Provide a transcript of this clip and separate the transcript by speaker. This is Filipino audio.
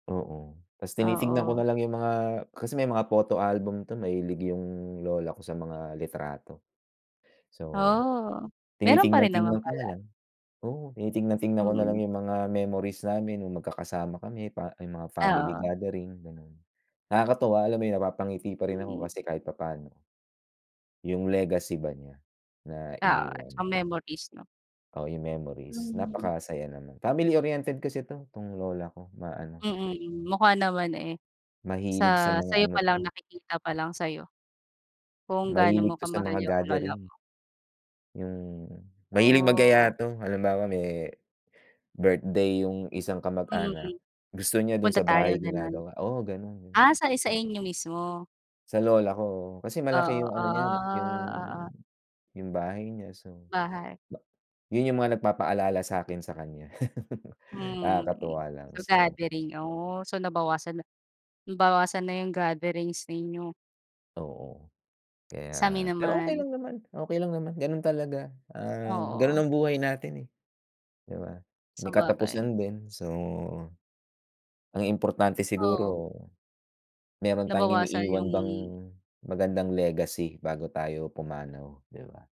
Speaker 1: Oo, 'tas tinitingnan ko
Speaker 2: Oo.
Speaker 1: na lang yung mga kasi may mga photo album 'to, mahilig yung lola ko sa mga litrato. So,
Speaker 2: Oh, meron pa rin naman
Speaker 1: tinitingnan-tingnan ko na
Speaker 2: pala.
Speaker 1: lang. Oo, tinitingnan-tingnan ko na lang
Speaker 2: Mhm.
Speaker 1: yung mga memories namin, yung magkakasama kami pa yung mga family
Speaker 2: Oo.
Speaker 1: gathering, ganon. Nakakatuwa, alam mo ’yon, napapangiti pa rin ako
Speaker 2: Hmm.
Speaker 1: kasi kahit papano. Yung legacy ba niya, na
Speaker 2: Oo, tsaka
Speaker 1: iniwan.
Speaker 2: memories, 'no?
Speaker 1: Oh, yung memories
Speaker 2: Hmm.
Speaker 1: napakasaya naman. Family-oriented kasi 'to, 'tong lola ko, maano.
Speaker 2: Mm, mukha naman, eh.
Speaker 1: Mahilig sa
Speaker 2: Sa,
Speaker 1: mga
Speaker 2: sa'yo
Speaker 1: ano
Speaker 2: pa lang
Speaker 1: 'to.
Speaker 2: nakikita pa lang sa'yo, kung gaano mo
Speaker 1: Mahilig 'to sa
Speaker 2: kamahal
Speaker 1: mga
Speaker 2: yung lola mo.
Speaker 1: gathering. Hmm, mahilig mag-yaya
Speaker 2: Oo.
Speaker 1: 'to, halimbawa, me birthday yung isang kamag-anak.
Speaker 2: Mhm,
Speaker 1: Gusto niya dun
Speaker 2: punta
Speaker 1: sa
Speaker 2: tayo,
Speaker 1: bahay,
Speaker 2: ganon.
Speaker 1: ginagawa, oo, ganun yun.
Speaker 2: Ah, sai sa inyo mismo.
Speaker 1: Sa lola ko, oo, kasi malaki
Speaker 2: Oo,
Speaker 1: yung ano niya, yung,
Speaker 2: ah, oo.
Speaker 1: yung bahay niya, so,
Speaker 2: Bahay.
Speaker 1: ba yun yung mga nagpapaalala sa akin sa kanya.
Speaker 2: Mhm,
Speaker 1: Nakakatuwa lang,
Speaker 2: so
Speaker 1: so.
Speaker 2: gathering, oh, so nabawasan na, bawasan na 'yong gatherings ninyo.
Speaker 1: Oo,
Speaker 2: Sami
Speaker 1: kaya, pero okay
Speaker 2: naman.
Speaker 1: lang naman, okay lang naman, ganun talaga, ah, ganun
Speaker 2: Oo.
Speaker 1: ang buhay natin, eh, 'di ba? May
Speaker 2: Sabagay.
Speaker 1: katapusan din. So, ang importante
Speaker 2: Oo.
Speaker 1: siguro, meron tayong
Speaker 2: Nabawasan
Speaker 1: iniiwan
Speaker 2: yung
Speaker 1: bang magandang legacy bago tayo pumanaw, 'di ba?